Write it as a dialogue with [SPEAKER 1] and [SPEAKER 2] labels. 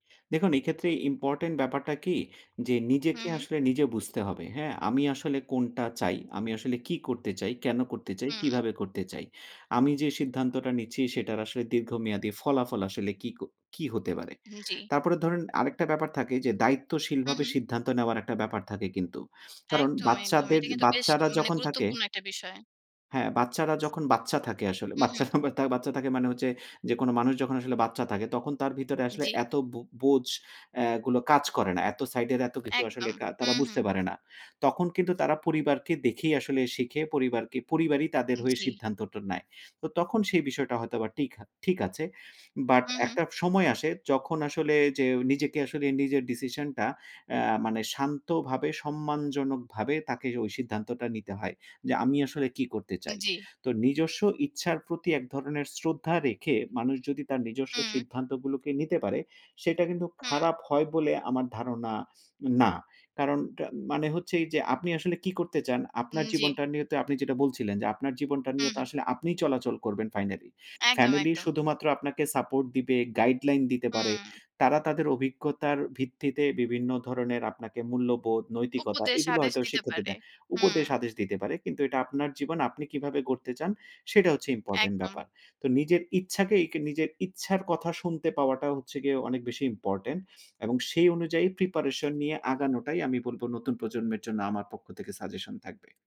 [SPEAKER 1] দেখুন এক্ষেত্রে ইম্পোর্টেন্ট ব্যাপারটা কি? যে
[SPEAKER 2] হু,
[SPEAKER 1] নিজেকে
[SPEAKER 2] হু।
[SPEAKER 1] আসলে নিজে বুঝতে হবে, হ্যাঁ? আমি আসলে কোনটা চাই? আমি আসলে কি করতে চাই? কেন করতে চাই?
[SPEAKER 2] হুম।
[SPEAKER 1] কিভাবে করতে চাই? আমি যে সিদ্ধান্তটা নিচ্ছি সেটার আসলে দীর্ঘমেয়াদী ফলাফল আসলে কি ক কি হতে পারে?
[SPEAKER 2] হুm, জি।
[SPEAKER 1] তারপরে ধরুন আরেকটা ব্যাপার থাকে যে
[SPEAKER 2] হু,
[SPEAKER 1] দায়িত্বশীলভাবে
[SPEAKER 2] হু।
[SPEAKER 1] সিদ্ধান্ত নেওয়ার একটা ব্যাপার থাকে কিন্তু। কারণ
[SPEAKER 2] একদম, একদম।
[SPEAKER 1] বাচ্চাদের
[SPEAKER 2] এটা কিন্তু বেশ
[SPEAKER 1] বাচ্চারা
[SPEAKER 2] মানে
[SPEAKER 1] যখন থাকে
[SPEAKER 2] গুরুত্বপূর্ণ একটা বিষয়।
[SPEAKER 1] হ্যাঁ, বাচ্চারা যখন বাচ্চা থাকে আসলে।
[SPEAKER 2] হু, হু।
[SPEAKER 1] বাচ্চারা বাচ্চা বাচ্চা থাকে মানে হচ্ছে, যেকোনো মানুষ যখন আসলে বাচ্চা থাকে, তখন তার ভিতরে আসলে
[SPEAKER 2] জ্বী।
[SPEAKER 1] এত বু বোঝ অ্যা গুলো কাজ করে না। এত সাইড এর এত কিছু আসলে
[SPEAKER 2] একদম,
[SPEAKER 1] কা তারা
[SPEAKER 2] হুম,
[SPEAKER 1] বুঝতে
[SPEAKER 2] হুম।
[SPEAKER 1] পারে না। তখন কিন্তু তারা পরিবারকে দেখেই আসলে শিখে, পরিবারকে, পরিবারই তাদের
[SPEAKER 2] হুম,
[SPEAKER 1] হয়ে
[SPEAKER 2] জি।
[SPEAKER 1] সিদ্ধান্তটা নেয়। তো তখন সেই বিষয়টা হয়তোবা টিক হা ঠিক আছে। বাট
[SPEAKER 2] হুম, হুম।
[SPEAKER 1] একটা সময় আসে যখন আসলে যে নিজেকে আসলে নিজের ডিসিশনটা অ্যা মানে শান্তভাবে সম্মানজনকভাবে তাকে ওই সিদ্ধান্তটা নিতে হয়। যে আমি আসলে কি করতে চাই?
[SPEAKER 2] জি।
[SPEAKER 1] তো নিজস্ব ইচ্ছার প্রতি এক ধরনের শ্রদ্ধা রেখে মানুষ যদি তার নিজস্ব
[SPEAKER 2] হুম।
[SPEAKER 1] সিদ্ধান্তগুলোকে নিতে পারে, সেটা কিন্তু
[SPEAKER 2] হুম।
[SPEAKER 1] খারাপ হয় বলে আমার ধারণা না। কারণটা মানে হচ্ছে এইযে, আপনি আসলে কি করতে চান? আপনার
[SPEAKER 2] হুম, জি।
[SPEAKER 1] জীবনটা নিয়ে তো আপনি যেটা বলছিলেন যে, আপনার জীবনটা
[SPEAKER 2] হু,
[SPEAKER 1] নিয়ে তো
[SPEAKER 2] হু।
[SPEAKER 1] আসলে আপনিই চলাচল করবেন ফাইনালি।
[SPEAKER 2] একদম,
[SPEAKER 1] ফ্যামিলি
[SPEAKER 2] একদম।
[SPEAKER 1] শুধুমাত্র আপনাকে সাপোর্ট দিবে, গাইডলাইন দিতে পারে।
[SPEAKER 2] হুম।
[SPEAKER 1] তারা তাদের অভিজ্ঞতার ভিত্তিতে বিভিন্ন ধরনের আপনাকে মূল্যবোধ, নৈতিকতা
[SPEAKER 2] উপদেশ,
[SPEAKER 1] এগুলো
[SPEAKER 2] আদেশ
[SPEAKER 1] হয়তো
[SPEAKER 2] দিতে
[SPEAKER 1] শিক্ষা
[SPEAKER 2] পারে।
[SPEAKER 1] দেবে,
[SPEAKER 2] হু।
[SPEAKER 1] উপদেশ আদেশ দিতে পারে। কিন্তু এইটা আপনার জীবন, আপনি কিভাবে গড়তে চান সেটা হচ্ছে ইম্পোর্টেন্ট
[SPEAKER 2] একদম।
[SPEAKER 1] ব্যাপার। তো নিজের ইচ্ছাকেই কে নিজের ইচ্ছার কথা শুনতে পাওয়াটা হচ্ছে গিয়ে অনেক বেশি ইম্পোর্টেন্ট। এবং সেই অনুযায়ী প্রিপারেশন নিয়ে আগানোটাই আমি বলব, নতুন প্রজন্মের জন্য আমার পক্ষ থেকে সাজেশন থাকবে।